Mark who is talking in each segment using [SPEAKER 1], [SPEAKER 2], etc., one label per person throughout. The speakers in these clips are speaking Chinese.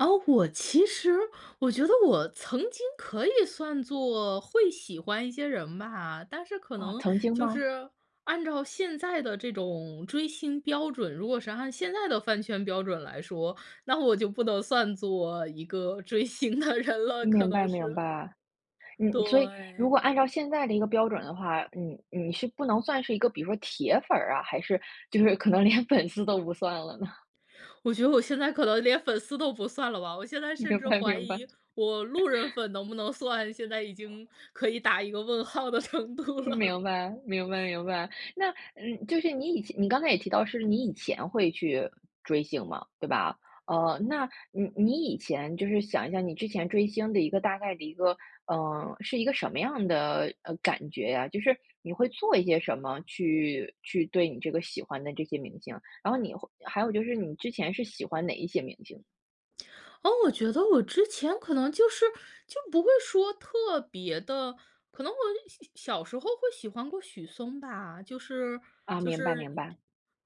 [SPEAKER 1] 哦，我其实我觉得我曾经可以算作会喜欢一些人吧。但是可
[SPEAKER 2] 啊，
[SPEAKER 1] 能
[SPEAKER 2] 曾经
[SPEAKER 1] 就
[SPEAKER 2] 吗？
[SPEAKER 1] 是按照现在的这种追星标准如果是按现在的饭圈标准来说，那我就不能算作一个追星的人了，可
[SPEAKER 2] 明白
[SPEAKER 1] 能
[SPEAKER 2] 明
[SPEAKER 1] 是。
[SPEAKER 2] 白。嗯所以如果
[SPEAKER 1] 对。
[SPEAKER 2] 按照现在的一个标准的话，你你是不能算是一个比如说铁粉儿啊，还是就是可能连粉丝都不算了呢？
[SPEAKER 1] 我觉得我现在可能连粉丝都不算了吧，我现在甚
[SPEAKER 2] 明
[SPEAKER 1] 至
[SPEAKER 2] 白，
[SPEAKER 1] 怀
[SPEAKER 2] 明白。
[SPEAKER 1] 疑我路人 粉能不能算，现在已经，可以打一个问号的程度了。
[SPEAKER 2] 明白，明白明白，那嗯，就是你以前你刚才也提到是你以前会去，追星嘛，对吧？哦，那你你以前就是想一下你之前追星的一个大概的一个嗯，是一个什么样的，呃，感觉呀？就是你会做一些什么，去去对你这个喜欢的这些明星，然后你会还有就是你之前是喜欢哪一些明星？
[SPEAKER 1] 哦，我觉得我之前可能就是就不会说特别的可能我小小小时候会喜欢过许嵩吧，就是
[SPEAKER 2] 啊，
[SPEAKER 1] 就
[SPEAKER 2] 明白
[SPEAKER 1] 是
[SPEAKER 2] 明白。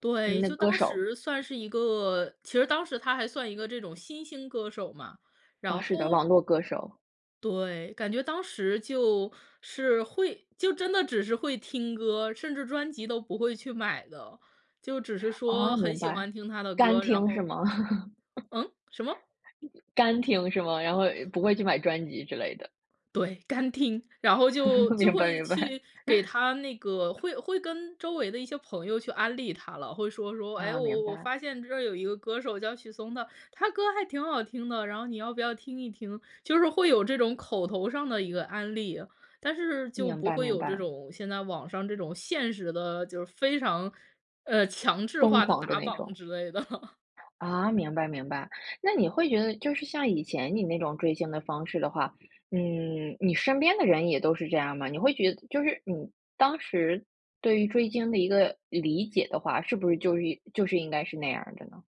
[SPEAKER 1] 对，
[SPEAKER 2] 嗯呢，
[SPEAKER 1] 就
[SPEAKER 2] 歌
[SPEAKER 1] 当
[SPEAKER 2] 手。
[SPEAKER 1] 时算是一个其实当时他还算一个这种新兴歌手嘛。
[SPEAKER 2] 哦，
[SPEAKER 1] 然
[SPEAKER 2] 是的，网
[SPEAKER 1] 后
[SPEAKER 2] 络歌手。
[SPEAKER 1] 对，感觉当时就是会就真的只是会听歌，甚至专辑都不会去买的，就只是
[SPEAKER 2] 哦，
[SPEAKER 1] 说很
[SPEAKER 2] 明
[SPEAKER 1] 喜欢
[SPEAKER 2] 白，
[SPEAKER 1] 听他的
[SPEAKER 2] 干
[SPEAKER 1] 歌，然
[SPEAKER 2] 听是
[SPEAKER 1] 后
[SPEAKER 2] 吗？
[SPEAKER 1] 嗯？什么？
[SPEAKER 2] 干听是吗？然后不会去买专辑之类的。
[SPEAKER 1] 对，干听，然后就 就
[SPEAKER 2] 明白，
[SPEAKER 1] 会
[SPEAKER 2] 明白。
[SPEAKER 1] 去给 他那个会会跟周围的一些朋友去安利他了，会说说：“哎，
[SPEAKER 2] 啊，明
[SPEAKER 1] 我我
[SPEAKER 2] 白。
[SPEAKER 1] 发现这儿有一个歌手叫许嵩的，他歌儿还挺好听的，然后你要不要听一听？“就是会有这种口头上的一个安利。但是就
[SPEAKER 2] 明
[SPEAKER 1] 不
[SPEAKER 2] 白，
[SPEAKER 1] 会
[SPEAKER 2] 明
[SPEAKER 1] 有这
[SPEAKER 2] 白。
[SPEAKER 1] 种现在网上这种现实的就是非常，呃，强制
[SPEAKER 2] 疯
[SPEAKER 1] 化的
[SPEAKER 2] 狂的
[SPEAKER 1] 打
[SPEAKER 2] 那
[SPEAKER 1] 榜
[SPEAKER 2] 种。
[SPEAKER 1] 之类的。
[SPEAKER 2] 啊，明白明白。那你会觉得就是像以前你那种追星的方式的话嗯，你身边的人也都是这样吗？你会觉得就是你当时对于追星的一个理解的话，是不是就是就是应该是那样儿的呢？